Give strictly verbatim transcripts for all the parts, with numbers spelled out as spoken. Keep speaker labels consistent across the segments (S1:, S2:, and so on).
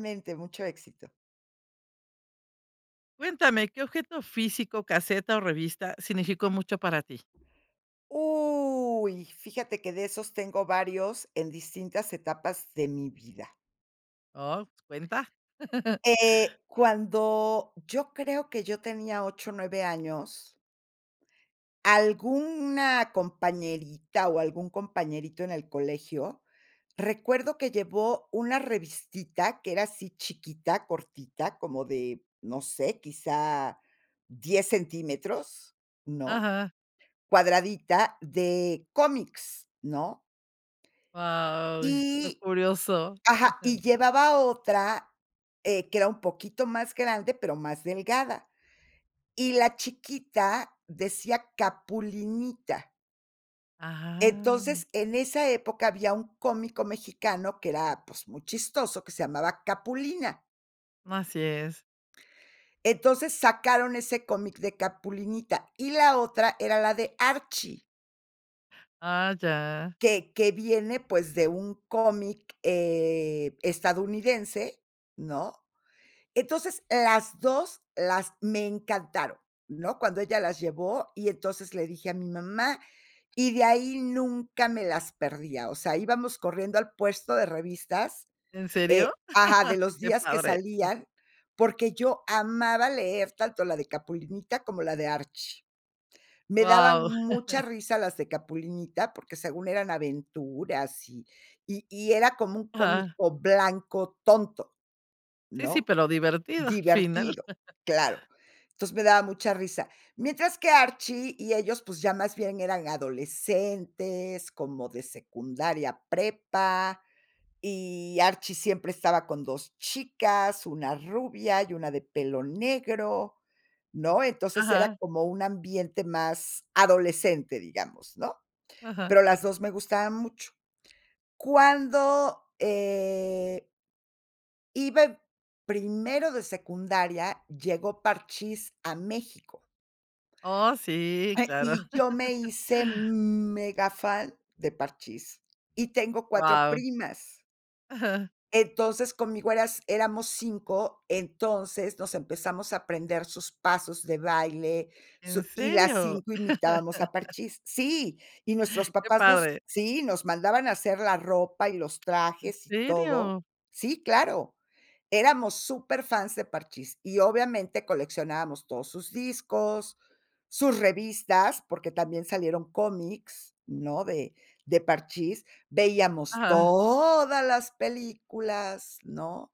S1: Mente mucho éxito.
S2: Cuéntame, ¿qué objeto físico, caseta o revista significó mucho para ti?
S1: Uy, fíjate que de esos tengo varios en distintas etapas de mi vida.
S2: Oh, cuenta.
S1: Eh, cuando yo creo que yo tenía ocho o nueve años alguna compañerita o algún compañerito en el colegio, recuerdo que llevó una revistita que era así chiquita, cortita, como de, no sé, quizá diez centímetros, ¿no?,
S2: Ajá.
S1: cuadradita de cómics, ¿no?
S2: Guau, lo
S1: Y
S2: curioso.
S1: ajá, y llevaba otra, eh, que era un poquito más grande, pero más delgada. Y la chiquita decía Capulinita
S2: Ajá.
S1: entonces, en esa época había un cómico mexicano que era, pues, muy chistoso, que se llamaba Capulina.
S2: Así es.
S1: Entonces, sacaron ese cómic de Capulinita, y la otra era la de Archie
S2: Ah, ya.
S1: que que viene, pues, de un cómic, eh, estadounidense, ¿no? Entonces, las dos las me encantaron, ¿no? Cuando ella las llevó, y entonces le dije a mi mamá, y de ahí nunca me las perdía. O sea, íbamos corriendo al puesto de revistas,
S2: ¿En
S1: eh
S2: serio?
S1: Ajá, de los
S2: Qué
S1: días que
S2: padre.
S1: salían, porque yo amaba leer tanto la de Capulinita como la de Archie. Me daban
S2: Guau.
S1: mucha risa las de Capulinita porque según eran aventuras, y y y era como un
S2: Ajá.
S1: cómico blanco tonto,
S2: Sí, sí,
S1: ¿no?,
S2: pero divertido, final.
S1: divertido, claro. Entonces, me daba mucha risa. Mientras que Archie y ellos, pues, ya más bien eran adolescentes, como de secundaria, prepa, y Archie siempre estaba con dos chicas, una rubia y una de pelo negro, ¿no? Entonces, era
S2: Ajá.
S1: como un ambiente más adolescente, digamos, ¿no?
S2: Ajá.
S1: Pero las dos me gustaban mucho. Cuando, eh iba en primero de secundaria, llegó Parchís a México
S2: Oh, sí, claro.
S1: y yo me hice megafan de Parchís, y tengo cuatro
S2: Guau.
S1: primas.
S2: Ajá.
S1: Entonces, conmigo eras éramos cinco, entonces, nos empezamos a aprender sus pasos de baile,
S2: ¿En
S1: su y las
S2: serio?
S1: cinco imitábamos a Parchís. Sí, y nuestros
S2: Qué
S1: papás nos
S2: padre.
S1: Sí, nos mandaban a hacer la ropa, y los
S2: ¿En
S1: trajes, y todo.
S2: serio?
S1: Sí, claro, éramos superfans de Parchís. Y obviamente, coleccionábamos todos sus discos, sus revistas, porque también salieron cómics, ¿no?, de de Parchís, veíamos
S2: Ajá.
S1: todas las películas, ¿no?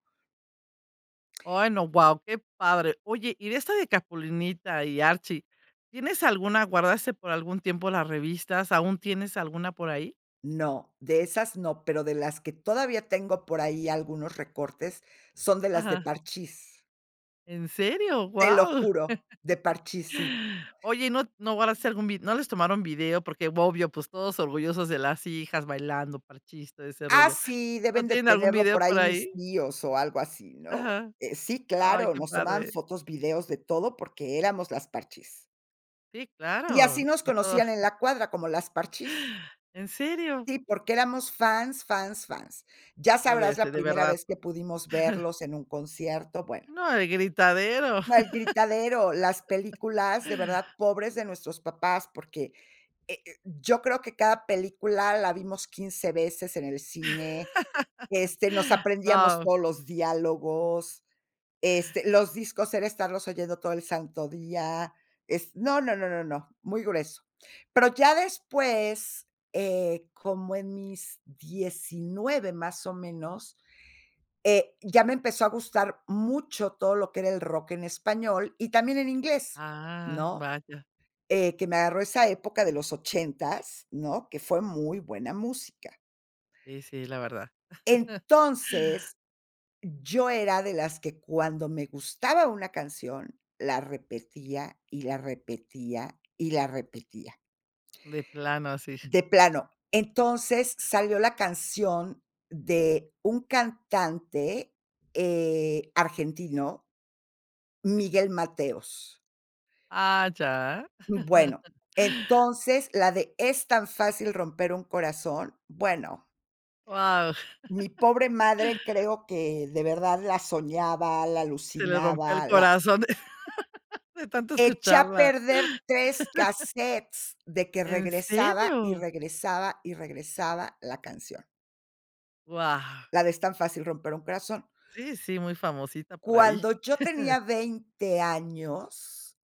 S2: Ay, no, guau, qué padre. Oye, y de esta de Capulinita y Archie, ¿tienes alguna? ¿Guardaste por algún tiempo las revistas? ¿Aún tienes alguna por ahí?
S1: No, de esas no. Pero de las que todavía tengo por ahí algunos recortes, son de las de
S2: Ajá.
S1: Parchís.
S2: ¿En serio?,
S1: Te lo
S2: ¡guau!
S1: juro, de Parchís sí.
S2: Oye, ¿y no no guardaste algún vi? ¿No les tomaron video porque, obvio, pues todos orgullosos de las hijas bailando Parchís, todo ese
S1: Ah,
S2: rollo?
S1: sí,
S2: ¿No
S1: deben de
S2: tienen algún
S1: tenerlo
S2: video
S1: por
S2: por
S1: ahí mis
S2: ahí?
S1: tíos, o algo así, ¿no?
S2: Ajá.
S1: Eh, sí,
S2: Ay,
S1: claro,
S2: qué
S1: nos tomaban
S2: padre.
S1: fotos, videos, de todo, porque éramos las Parchís.
S2: Sí,
S1: Y así
S2: claro.
S1: nos conocían en la cuadra, como las Parchís.
S2: ¿En serio?
S1: Sí, porque éramos fans, fans, fans. Ya
S2: Pero de
S1: sabrás
S2: este,
S1: la
S2: de
S1: primera
S2: verdad.
S1: vez que pudimos verlos en un concierto, bueno.
S2: No, el gritadero.
S1: El gritadero, las películas, de verdad, pobres de nuestros papás, porque, eh eh, yo creo que cada película la vimos quince veces en el cine, este, nos aprendíamos
S2: Guau.
S1: todos los diálogos, este, los discos era estarlos oyendo todo el santo día. Es, no, no, no, no, no, muy grueso. Pero ya después, eh, como en mis diecinueve más o menos, eh, ya me empezó a gustar mucho todo lo que era el rock en español, y también en inglés,
S2: Ah,
S1: ¿no?
S2: vaya.
S1: Eh, que me agarró esa época de los ochentas, ¿no?, que fue muy buena música.
S2: Sí, sí, la verdad.
S1: Entonces, yo era de las que cuando me gustaba una canción, la repetía, y la repetía, y la repetía.
S2: De plano, así.
S1: De plano, entonces salió la canción de un cantante, eh, argentino Miguel Mateos.
S2: Ah, ya.
S1: Bueno, entonces la de "Es tan fácil romper un corazón". Bueno
S2: Guau.
S1: mi pobre madre creo que de verdad la soñaba, la
S2: Se le rompió el
S1: alucinaba, la
S2: corazón, de tanto
S1: Eché a
S2: escucharla.
S1: perder tres casetes, de que
S2: ¿En
S1: regresaba, y
S2: serio?
S1: regresaba, y regresaba la canción.
S2: Guau.
S1: La de "Es tan fácil romper un corazón".
S2: Sí, sí, muy famosita por ahí.
S1: Cuando yo tenía veinte años,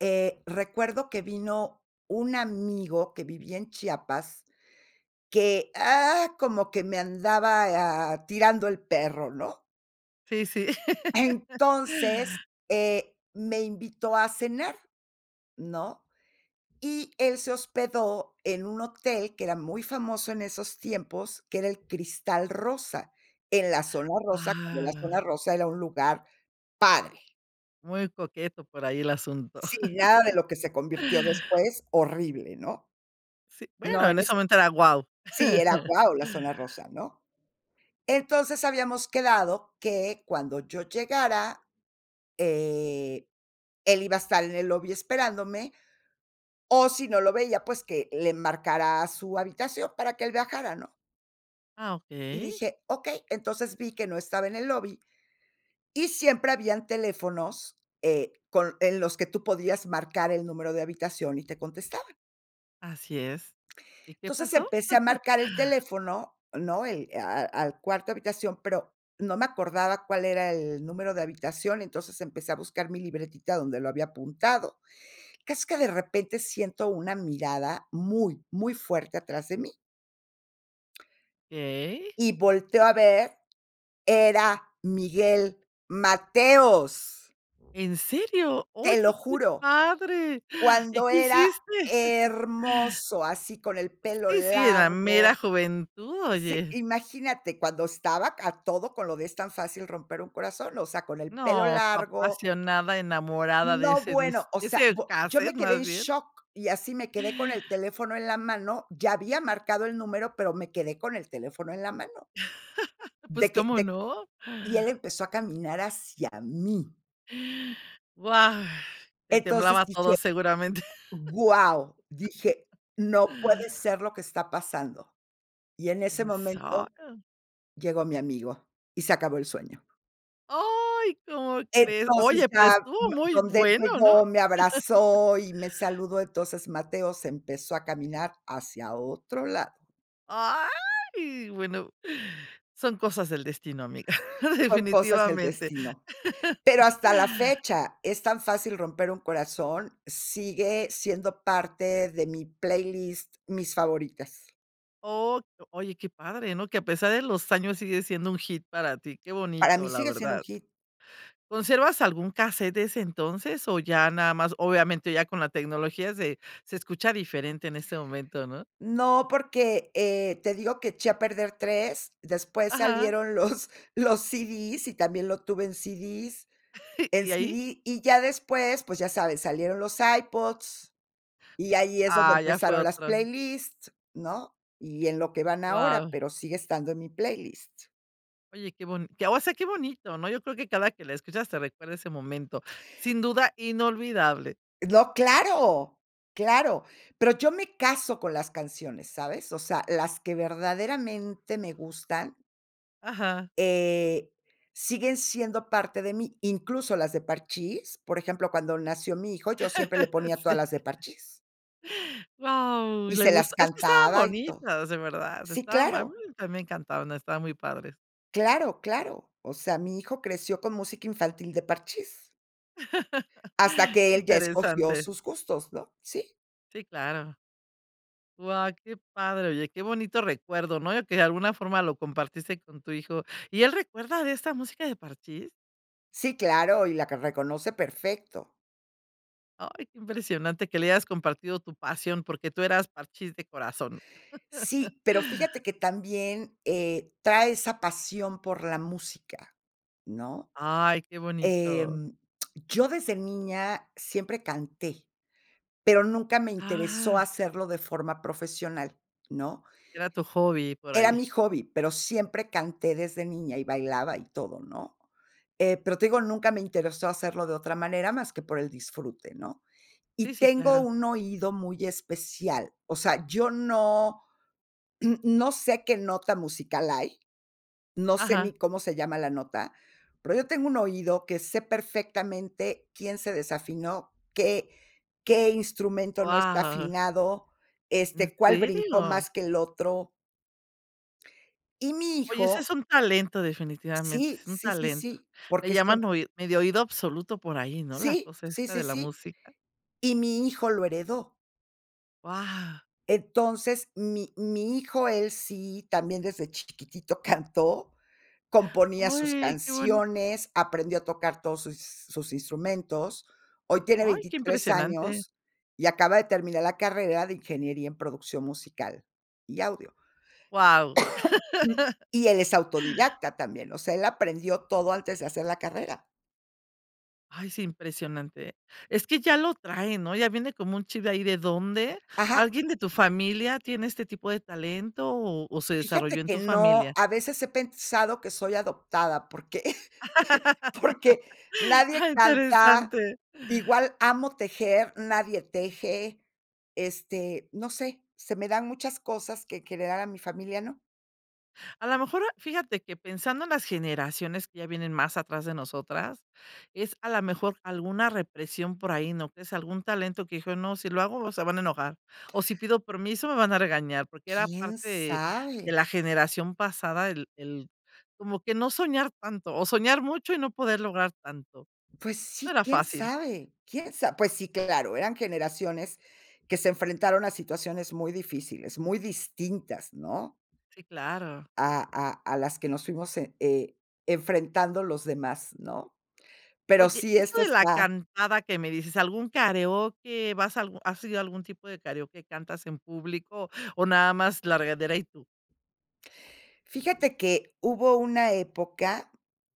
S1: eh, recuerdo que vino un amigo que vivía en Chiapas, que, ah, como que me andaba, ah, tirando el perro, ¿no?
S2: Sí, sí.
S1: Entonces, eh, me invitó a cenar, ¿no? Y él se hospedó en un hotel que era muy famoso en esos tiempos, que era el Cristal Rosa. En la Zona rosa, cuando la Zona
S2: Wao.
S1: Rosa era un lugar padre.
S2: Muy coqueto por ahí el asunto.
S1: Si, nada de lo que se convirtió después, horrible, ¿no?
S2: Sí,
S1: No,
S2: bueno, en
S1: en ese
S2: ese momento era guau.
S1: sí, era guau, la Zona Rosa, ¿no? Entonces habíamos quedado que cuando yo llegara, eh, él iba a estar en el lobby esperándome, o si no lo veía, pues, que le marcara a su habitación para que él bajara, ¿no?
S2: Ah,
S1: Y
S2: okey.
S1: dije: "Okey", entonces vi que no estaba en el lobby, y siempre habían teléfonos, eh, con en los que tú podías marcar el número de habitación y te contestaban.
S2: Así es, ¿y qué
S1: Entonces,
S2: pasó?
S1: empecé a marcar el teléfono, ¿no?, el a a al cuarto habitación, pero no me acordaba cuál era el número de habitación, entonces, empecé a buscar mi libretita donde lo había apuntado. Casi que de repente, siento una mirada muy, muy fuerte atrás de mí.
S2: Okey.
S1: Y volteo a ver, era Miguel Mateos.
S2: ¿En serio? Oye,
S1: Te lo
S2: qué
S1: juro,
S2: padre. ¿Y
S1: cuando
S2: qué
S1: era
S2: hiciste?
S1: hermoso, así con el pelo
S2: Sí, sí, en la mera
S1: largo
S2: juventud,
S1: Sí,
S2: oye.
S1: imagínate, cuando estaba a todo con lo de "Es tan fácil romper un corazón", o sea, con el pelo
S2: No, tú,
S1: largo
S2: apasionada, enamorada de
S1: No,
S2: ese
S1: bueno,
S2: dis
S1: o
S2: de
S1: sea,
S2: ese
S1: bu yo
S2: casete,
S1: me quedé en
S2: más bien.
S1: shock, y así me quedé con el teléfono en la mano, ya había marcado el número, pero me quedé con el teléfono en la mano.
S2: ¿Pues,
S1: De que
S2: cómo
S1: de
S2: no?
S1: y él empezó a caminar hacia mí.
S2: ¡Guau! Te
S1: Entonces,
S2: temblaba
S1: dije:
S2: todo seguramente.
S1: "¡Guau!", dije: "No puede ser lo que está pasando". Y en ese momento,
S2: [unintelligible]
S1: llegó mi amigo, y se acabó el sueño.
S2: ¡Ay! ¿Cómo crees?
S1: Entonces,
S2: Oye, pero
S1: ya
S2: estuvo
S1: [unintelligible]
S2: muy
S1: donde él
S2: bueno, ¿no?
S1: llegó, me abrazó y me saludó. Entonces, Mateos empezó a caminar hacia otro lado.
S2: ¡Ay!, bueno, son cosas del destino, amiga,
S1: Son cosas del
S2: definitivamente.
S1: destino. Pero hasta la fecha "Es tan fácil romper un corazón", sigue siendo parte de mi playlist, mis favoritas.
S2: Oh, oye, qué padre, ¿no?, que a pesar de los años sigue siendo un hit para ti. Qué
S1: Para mí
S2: bonito, la
S1: sigue siendo un
S2: verdad.
S1: hit.
S2: ¿Conservas algún casete de ese entonces? ¿O ya nada más? Obviamente ya con la tecnología se se escucha diferente en este momento, ¿no?
S1: No porque, eh, te digo que eché a perder tres, después
S2: Ajá.
S1: salieron los, los ci dis y también lo tuve en ci dis en
S2: ¿Y
S1: ci
S2: ahí?
S1: di, y ya después, pues ya sabes, salieron los iPods y ahí es donde
S2: Ah, ya fue
S1: empezaron las
S2: otro.
S1: playlists, ¿no? Y en lo que van ahora,
S2: Wao.
S1: pero sigue estando en mi playlist.
S2: Oye, qué bon qué, o sea, qué bonito, ¿no? Yo creo que cada que la escuchas te recuerda ese momento. Sin duda inolvidable.
S1: No, claro, claro. Pero yo me caso con las canciones, ¿sabes? O sea, las que verdaderamente me gustan
S2: Ajá.
S1: eh, siguen siendo parte de mí, incluso las de Parchís, por ejemplo, cuando nació mi hijo, yo siempre le ponía todas
S2: Sí.
S1: las de Parchís.
S2: Wao, ¿y
S1: Y
S2: le
S1: se las
S2: gusta? Es que estaban
S1: cantaba y todo.
S2: bonitas, de verdad.
S1: Sí,
S2: Estaban a mi
S1: claro.
S2: también me encantaron, estaban muy padres.
S1: Claro, claro. O sea, mi hijo creció con música infantil, de Parchís. Hasta que él ya escogió
S2: Interesante.
S1: sus gustos, ¿no? Sí.
S2: Sí, claro. Guau, qué padre, oye, qué bonito recuerdo, ¿no?, y que, de alguna forma, lo compartiste con tu hijo, ¿y él recuerda de esta música de Parchís?
S1: Sí, claro. Y la que reconoce perfecto.
S2: Ay, qué impresionante que le hayas compartido tu pasión porque tú eras Parchís de corazón.
S1: Sí, pero fíjate que también, eh, trae esa pasión por la música, ¿no?,
S2: Ay, qué bonito.
S1: em, yo desde niña, siempre canté, pero nunca me interesó
S2: Ajá.
S1: hacerlo de forma profesional, ¿no?
S2: Era tu hobby por
S1: Era
S2: ahí.
S1: mi hobby, pero siempre canté desde niña, y bailaba, y todo, ¿no?, eh, pero te digo, nunca me interesó hacerlo de otra manera, más que por el disfrute, ¿no?
S2: Sí,
S1: Y
S2: sí,
S1: tengo
S2: claro.
S1: un oído muy especial, o sea, yo no no sé qué nota musical hay. No sé ni
S2: Ajá.
S1: cómo se llama la nota, pero yo tengo un oído que sé perfectamente quién se desafinó, qué qué instrumento no está
S2: Guau.
S1: afinado,
S2: ¿En
S1: este, cuál brincó
S2: serio?
S1: más que el otro. Y mi
S2: Oye ese es
S1: hijo
S2: un talento definitivamente,
S1: Sí,
S2: es un
S1: sí, sí,
S2: talento,
S1: sí, porque
S2: le
S1: es que.
S2: llaman oi medio oído absoluto por ahí, ¿no?, la
S1: Sí,
S2: cosa
S1: sí,
S2: esta
S1: sí,
S2: de la
S1: sí,
S2: música.
S1: y mi hijo lo heredó.
S2: Guau.
S1: Entonces, mi mi hijo, él sí, también desde chiquititito cantó, componía sus
S2: Ay, qué bueno.
S1: canciones, aprendió a tocar todos sus sus instrumentos. Hoy tiene
S2: Ay, qué
S1: veintitrés
S2: impresionante.
S1: años y acaba de terminar la carrera de ingeniería en producción musical y audio.
S2: Guau.
S1: Y él es autodidacta también, o sea, él aprendió todo antes de hacer la carrera.
S2: Ay, sí impresionante eh. Es que ya lo traen, ¿no?, ya viene como un chip de ahí de dónde.
S1: Ajá.
S2: ¿Alguien de tu familia tiene este tipo de talento, o o se desarrolló
S1: Fíjate
S2: en
S1: que
S2: tu
S1: no,
S2: familia?
S1: a veces he pensado que soy adoptada, porque porque nadie canta,
S2: Interesante.
S1: igual amo tejer, nadie teje, este, no sé, se me dan muchas cosas que crear, y a mi familia no.
S2: A la mejor, ah, fíjate que pensando en las generaciones que ya vienen más atrás de nosotras, es a la mejor alguna represión por ahí, ¿no?, que es algún talento que dijo: "No, si lo hago se van a enojar", o, "si pido permiso me van a regañar", porque era
S1: ¿Quién
S2: parte de
S1: sabe?
S2: la generación pasada el el como que no soñar tanto, o soñar mucho y no poder lograr tanto,
S1: Pues
S2: no
S1: sí,
S2: era
S1: ¿quién
S2: fácil.
S1: sabe quién sa? Pues sí, claro, eran generaciones que se enfrentaron a situaciones muy difíciles, muy distintas, ¿no?
S2: Sí, claro.
S1: A a a las que nos fuimos e e enfrentando los demás, ¿no? Pero
S2: Oye,
S1: sí,
S2: esto
S1: esto
S2: de la
S1: está
S2: cantada que me dices, algún kareoke vas a algu ¿has ido a algún tipo de kareoke, cantas en público, o nada más la regadera y tú?
S1: Fíjate que hubo una época,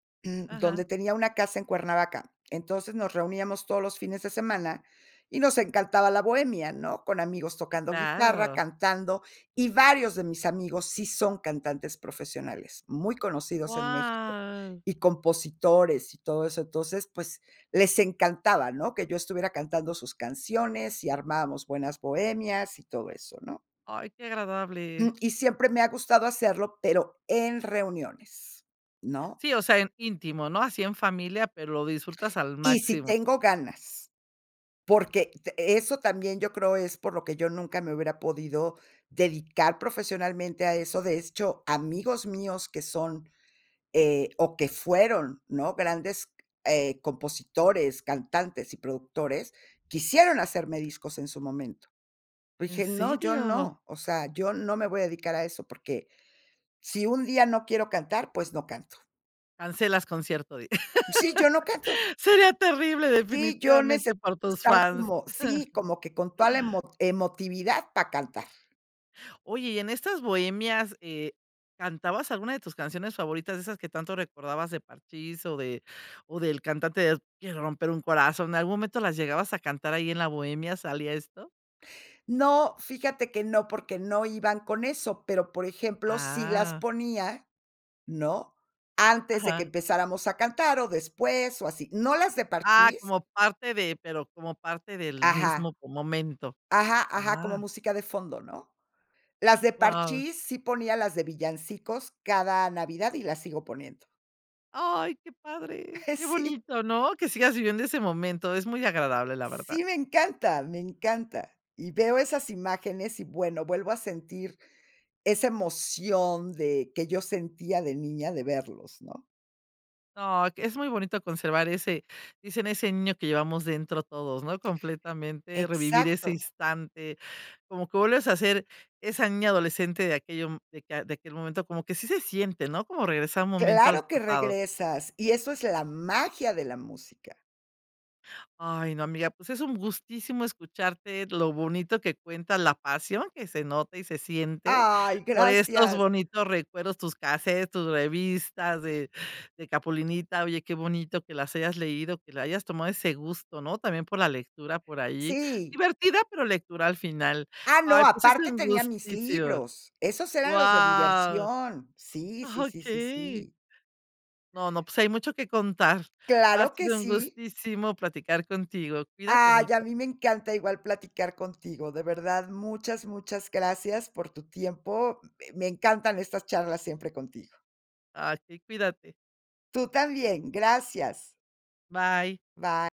S2: Ajá.
S1: donde tenía una casa en Cuernavaca. Entonces, nos reuníamos todos los fines de semana y nos encantaba la bohemia, ¿no? Con amigos
S2: Sí,
S1: tocando guitarra,
S2: claro.
S1: cantando, y varios de mis amigos sí son cantantes profesionales muy conocidos en México,
S2: Guau.
S1: y compositores, y todo eso. Entonces, pues, les encantaba, ¿no?, que yo estuviera cantando sus canciones, y armábamos buenas bohemias y todo eso, ¿no?
S2: Ay, qué
S1: Mm,
S2: agradable.
S1: y siempre me ha gustado hacerlo, pero en reuniones, ¿no?
S2: Sí, o sea, en íntimo, ¿no? Así en familia, pero lo disfrutas al
S1: Y si
S2: máximo.
S1: tengo ganas, porque de eso también yo creo es por lo que yo nunca me hubiera podido dedicar profesionalmente a eso. De hecho, amigos míos que son, eh, o que fueron, ¿no?, grandes, eh, compositores, cantantes y productores, quisieron hacerme discos en su momento.
S2: ¿En
S1: Dije: "No, yo
S2: serio?
S1: no, o sea, yo no me voy a dedicar a eso, porque si un día no quiero cantar, pues no canto".
S2: Cancelas concierto, di
S1: Sí, yo no canto.
S2: Sería terrible
S1: Sí, yo
S2: definitivamente
S1: necesito
S2: para tus
S1: estar
S2: fans.
S1: como Sí, como que con toda la emot emotividad, para cantar.
S2: Oye, y en estas bohemias, eh, ¿cantabas alguna de tus canciones favoritas?, de esas que tanto recordabas, de Parchís o de o del cantante de quiero romper un corazón. ¿En algún momento las llegabas a cantar, ahí en la bohemia, salía esto?
S1: No, fíjate que no, porque no iban con eso, pero, por ejemplo, sí las
S2: Ah.
S1: ponía, ¿no?, antes de que
S2: Ajá.
S1: empezáramos a cantar, o después, o así. No las de
S2: Ah,
S1: Parchís.
S2: como parte de pero como parte del
S1: Ajá.
S2: mismo mo momento.
S1: Ajá, ajá, como
S2: Ah.
S1: música de fondo, ¿no? Las de
S2: Wao.
S1: Parchís, sí ponía las de villancicos cada Navidad, y las sigo poniendo.
S2: Ay, qué padre, qué
S1: Sí.
S2: bonito, ¿no?, que sigas viviendo ese momento es muy agradable, la verdad.
S1: Sí me encantan, me encanta. Y veo esas imágenes y, bueno, vuelvo a sentir esa emoción de que yo sentía de niña de verlos, ¿no?
S2: Ay, que es muy bonito conservar ese dicen: "Ese niño que llevamos dentro todos", ¿no?, completamente, revivir ese
S1: Exacto.
S2: instante, como que vuelves a ser esa niña adolescente de aquello, mm, de que de aquel momento, como que así se siente, ¿no?, como regresar un momento al
S1: Claro que
S2: pasado.
S1: regresas, y eso es la magia de la música.
S2: Ay, no, amiga, pues es un gustísimo escucharte lo bonito que cuenta, la pasión que se nota y se siente
S1: Ay,
S2: por estos
S1: gracias.
S2: bonitos recuerdos, tus casetes, tus revistas de de Capulinita. Oye, qué bonito que las hayas leído, que le hayas tomado ese gusto, ¿no?, también por la lectura por ahí,
S1: Sí.
S2: divertida, pero lectura al final.
S1: Ah, no,
S2: Ay, pues es
S1: aparte
S2: un
S1: tenía mis
S2: gustísimo.
S1: libros. Esos eran los de
S2: Guau.
S1: diversión. Sí,
S2: Ajá,
S1: sí, sí, sí,
S2: okey.
S1: sí.
S2: No, no, pues hay mucho que contar. Ha
S1: Claro que
S2: sido un
S1: sí.
S2: gustísimo platicar contigo. Cuídate
S1: Ay, a
S2: mucho.
S1: mí me encanta igual platicar contigo, de verdad muchas, muchas gracias por tu tiempo, m me encantan estas charlas siempre contigo.
S2: Ay, sí, cuídate.
S1: Tú también, gracias.
S2: Bye.
S1: Bye.